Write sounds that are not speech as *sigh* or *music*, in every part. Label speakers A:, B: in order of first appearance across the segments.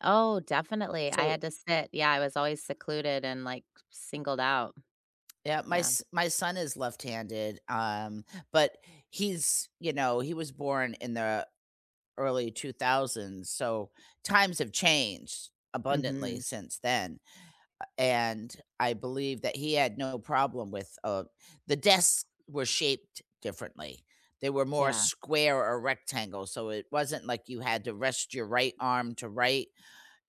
A: Oh, definitely, I
B: So
A: had to sit yeah, I was always secluded and, like, singled out.
B: Yup, my
A: Yeah.
B: s my son is left-handed, um, but he's you know, he was born in the early '2000s, so times have changed abundantly
A: Mhm.
B: since then, uh, and I believe that he had no problem with, uh the desks were shaped differently, they were more
A: Yeah.
B: square or rectangle, so it wasn't, like, you had to rest your right arm to write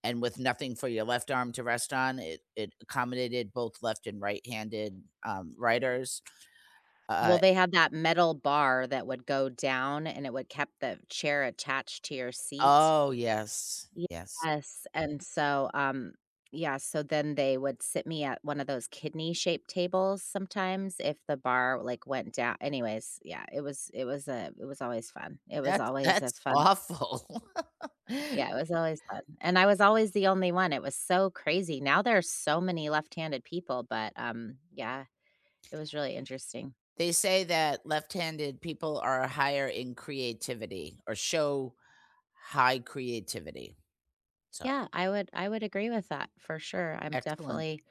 B: and with nothing for your left arm to rest on, it it accommodated both left and right-handed, um, writers. U uh
A: Well, they have that metal bar that would go down, and it would kept the chair attached to your seat?
B: Oh, yes, yes.
A: Yes, and so, um, yeah, so then they would sit me at one of those kidney-shaped tables sometimes if the bar, like, went dow anyways, yeah, it was it was, uh, it was always fun it was
B: That's
A: always a
B: that's
A: fun
B: awful. *laughs*
A: Yeah, it was always fun, and I was always the only one, it was so crazy, now there are so many left-handed people, but, um, yeah, it was really interesting.
B: They say that left-handed people are higher in creativity or show high creativity. So
A: Yeah, I would I would agree with that, for sure, I'm
B: Excellent.
A: definitely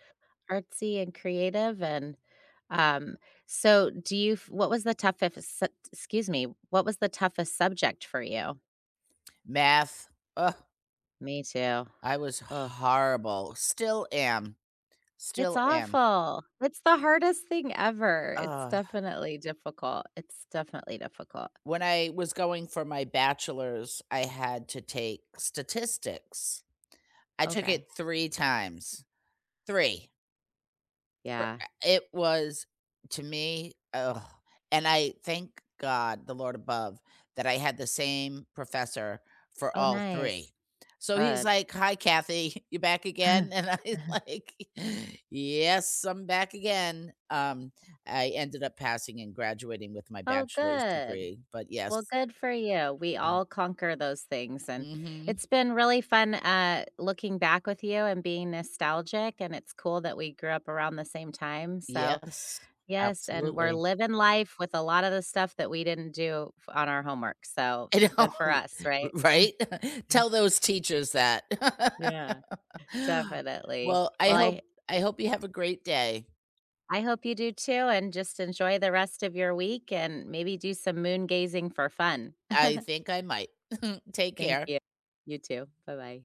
A: artsy and creative, and, um, so do you f what was the toughest excuse me, what was the toughest subject for you?
B: Math, Ugh.
A: Me, too.
B: I was
A: Ugh.
B: horrible still am.
A: It's
B: Still am.
A: awful, it's the hardest thing ever, it's
B: Ugh.
A: definitely difficult. It's definitely difficult.
B: When I was going for my bachelor's, I had to take Statistics. I took
A: Okay.
B: it 3 times. 3. For a
A: Yeah.
B: it was, to me, *groans* and I thank God, the Lord above, that I had the same professor for
A: Oh,
B: all
A: nice.
B: 3. So, he's
A: Good.
B: like, "Hi, Kathy, *chuckles* you back again?" And I'm
A: *chuckles*
B: like, "Yes, I'm back again." Um, I ended up passing and graduating with my
A: Oh,
B: bachelor's
A: good.
B: degree, but
A: Well,
B: yes.
A: good for you, we
B: And
A: all conquer those things, and
B: Mhm.
A: it's been really fun, uh, looking back with you and being nostalgic, and it's cool that we grew up around the same time, so,
B: Yes,
A: yes, and we're
B: absolutely.
A: living life with a lotta the stuff that we didn't do fo on our homework, so
B: I know,
A: good for us,
B: r
A: right?
B: right? *laughs* Tell those
A: *chuckles*
B: teachers that.
A: Yeah,
B: *laughs*
A: definitely.
B: Well, I
A: Well,
B: hope
A: I
B: I hope you have a great day.
A: I hope you do, too, and just enjoy the rest of your week and maybe do some moon gazing for fun.
B: I
A: *chuckles*
B: think I might. *chuckles* Take
A: Thank
B: care.
A: you. You too, bye-bye.